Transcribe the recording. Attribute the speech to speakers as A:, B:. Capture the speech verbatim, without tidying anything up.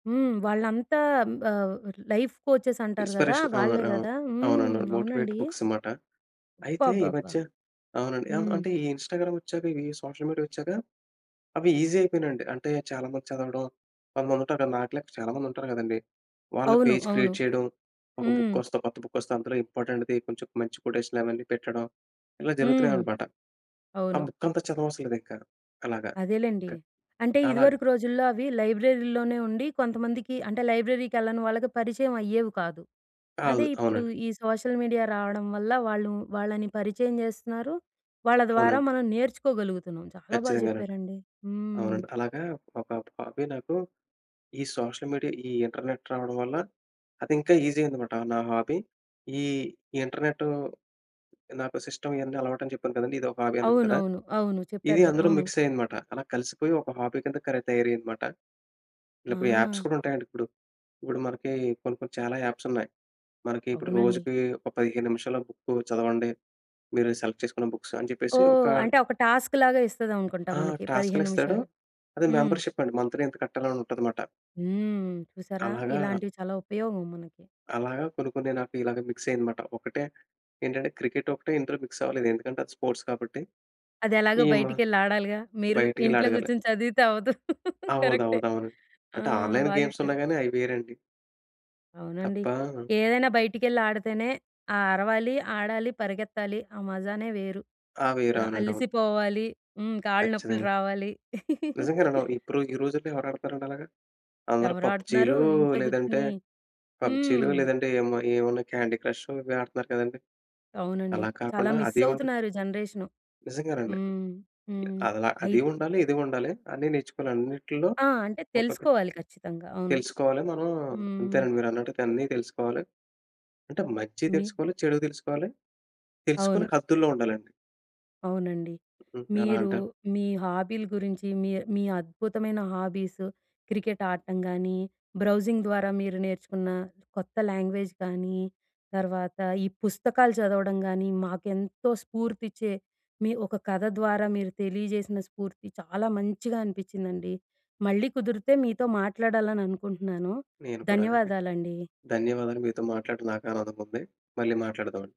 A: హ్మ్. వాళ్ళంతా ఆహ్, లైఫ్ కోచెస్ అంటారు గదా!
B: ఇన్‌స్పరేషన్
A: వాళ్ళే
B: అవునండి అవును.
A: గదా! హ్మ్.
B: అవునండి. మోటివేట్
A: అవునండీ.
B: బుక్స్ అమాట. అయితే ఈ
A: అబ్బబ్బబ్బా!
B: మధ్య అవునండి ఆహ్,
A: హ్మ్.
B: అంటే ఈ ఇన్‌స్టాగ్రామొచ్చాక ఇవి సోషల్ మీడియా వచ్చాక అవి ఈజీ అయిపోయినాయండి. అంటే చాలా మంది చదవడం కొంతమంది ఉంటారు. నాకులా చాలామంది ఉంటారు గదండీ! వాళ్ళు
A: అవును.
B: పేజ్
A: అవును.
B: క్రియేట్ చేయడం ఒక
A: హ్మ్.
B: బుక్కొస్తే కొత్త బుక్కొస్తే అందులో ఇంపార్టెంట్‌ది కొంచెం మంచి కొటేషన్‌లు అవన్నీ పెట్టడం ఇలా జరుగుతున్నాయి
A: హ్మ్.
B: అన్నమాట. ఆ
A: అవును.
B: బుక్కంతా చదవవసరం లేదింకా అలాగా. క
A: అదేలేండి. అంటే
B: అలాగా
A: ఇదివరకు రోజుల్లో అవి లైబ్రరీలోనే ఉండి కొంతమందికి అంటే లైబ్రరీకెళ్ళని వాళ్ళకి పరిచయం అయ్యేవి కాదు. అదే
B: అవును.
A: ఇప్పుడు
B: అవునండి.
A: ఈ సోషల్ మీడియా రావడం వల్ల వాళ్ళు వాళ్ళని పరిచయం చేస్తున్నారు వాళ్ళ ద్వారా
B: అవునండి.
A: మనం నేర్చుకోగలుగుతున్నాం చాలా బాగా
B: ఖచ్చితంగానండి.
A: చెప్పారండి. హ్మ్.
B: అవునండి. అలాగా ఒక హాబీ నాకు ఈ సోషల్ మీడియా ఈ ఇంటర్నెట్ రావడం వల్ల అది ఇంకా ఈజీ అయ్యిందమాట. నా హాబీ ఈ ఇంటర్నెట్టూ నాకు సిస్టమ్ ఇయన్నీ అలవాటని చెప్పాను కదండీ! ఇదొక హాబీ అన్నాను కదా!
A: అవునవును. అవును.
B: ఇది
A: చెప్పారు గదా!
B: అందులో
A: అవును.
B: మిక్స్ అయ్యిందమాట. అలా కలిసిపోయి ఒక హాబీ కింద కరె తయారయ్యిందమాట. ఇలా ఇప్పుడు యాప్స్
A: ఆ!
B: కూడా ఉంటాయండి ఇప్పుడు. ఇప్పుడు మనకి కొన్ని, కొన్ని చాలా యాప్స్ ఉన్నాయి. మనకి ఇప్పుడు
A: అవునండి.
B: రోజుకి ఒక పదిహేను నిమిషాల బుక్కు చదవండి. మీరు సెలెక్ట్ చేసుకున్న బుక్స్ అని జెప్పేసి ఒక
A: ఓహ్! అంటే ఒక టాస్క్‌లాగా ఇస్తది
B: ఆ!
A: అనుకుంటామనకి పదిహేను
B: టాస్క్‌లిస్తాడు.
A: నిమిషాలు.
B: అది
A: హ్మ్.
B: మెంబర్‌షిప్ అండి. మంథ్లీ ఇంత కట్టాలి అని ఉంటదమాట.
A: హ్మ్. చూసారా!
B: అలాగా
A: ఇలాంటివి చాలా ఉపయోగం మనకి.
B: అలాగా కొన్ని, కొన్ని నాకు ఇలాగ మిక్స్ అయ్యిందమాట. ఒకటే ఏంటంటే క్రికెట్ ఒకటే ఇంటర్ మిక్స్ అవ్వలేదు. ఎందుకంటే అది స్పోర్ట్స్ కాబట్టి
A: అదెలాగో
B: ఈ మ
A: బయటికెళ్ళి ఆడాలిగా మీరు.
B: బయటికెళ్ళి
A: ఇంట్లో.
B: అడగాలి.
A: గూచ్చొని చదివితే అవ్వదు కరెక్టే!
B: అవునవునవును.
A: ఆ!
B: అంటే ఆన్‌లైన్
A: బా
B: గేమ్స్
A: జెప్పారు.
B: ఉన్నాయి గాని అయి వేరండి.
A: అవునండి.
B: తప్పా!
A: ఏదైనా బయటికెళ్ళి ఆడితేనే ఆ అరవాలి ఆడాలి పరిగెత్తాలి ఆ మజానే వేరు.
B: ఆ! వేరు
A: ఆహ్,
B: అవునండి అవును.
A: అలిసిపోవాలి హ్మ్. కాళ్ళు నొప్పులు
B: ఖచ్చితంగా.
A: రావాలి.
B: నిజంగానండి ఇప్పుడు ఈ రోజుల్లో ఎవరాడతారండి అలాగా. అందరూ
A: ఎవరాడుతున్నారు!
B: పబ్జీలు
A: ఇంట్లో
B: లేదంటే
A: గూచ్చొని హ్మ్.
B: పబ్జీలు లేదంటే ఏమో ఏవన్నా క్యాండీ క్రష్షు ఇవి ఆడుతున్నారు కదండీ.
A: అవునండి.
B: అలా
A: చాలా
B: కాకుండా
A: మిస్
B: అది ఉండా
A: అవుతున్నారు ఈ జనరేషను.
B: నిజంగానండి
A: హ్మ్. హ్మ్.
B: అ అలా
A: అయి
B: అది ఉండాలి. ఇది ఉండాలి అన్నీ నేర్చుకోని, అన్నిట్లో
A: ఆ! అంటే
B: ఒక్కొక్క
A: తెలుసుకోవాలి ఖచ్చితంగా. అవును.
B: తెలుసుకోవాలి. మనం
A: హ్మ్.
B: అంతేనండి మీరన్నట్టైతే అన్ని తెలుసుకోవాలి. అంటే మంచి
A: మీ
B: తెలుసుకోవాలి, చెడూ తెలుసుకోవాలి తెలుసుకొని
A: అవును.
B: హద్దుల్లో ఉండాలండి.
A: అవునండి.
B: హ్మ్. ఎలా
A: మీరు
B: అంటే
A: మీ హాబీలు గురించి మీర్ మీ అద్భుతమైన హాబీస్ క్రికెట్ ఆడటం గానీ బ్రౌజింగ్ ద్వారా మీరు నేర్చుకున్న కొత్త లాంగ్వేజ్ గానీ, తర్వాత ఈ పుస్తకాలు చదవడం గానీ మాకు ఎంతో స్ఫూర్తి ఇచ్చే మీ ఒక కథ ద్వారా మీరు తెలియజేసిన స్ఫూర్తి చాలా మంచిగా అనిపించిందండి. మళ్ళీ కుదిరితే మీతో మాట్లాడాలని అనుకుంటున్నాను.
B: నేను కూడానండి.
A: ధన్యవాదాలండీ.
B: ధన్యవాదాలు. మీతో మాట్లాడడం నాకు ఆనందం ఉంది. మళ్ళీ మాట్లాడదావండి.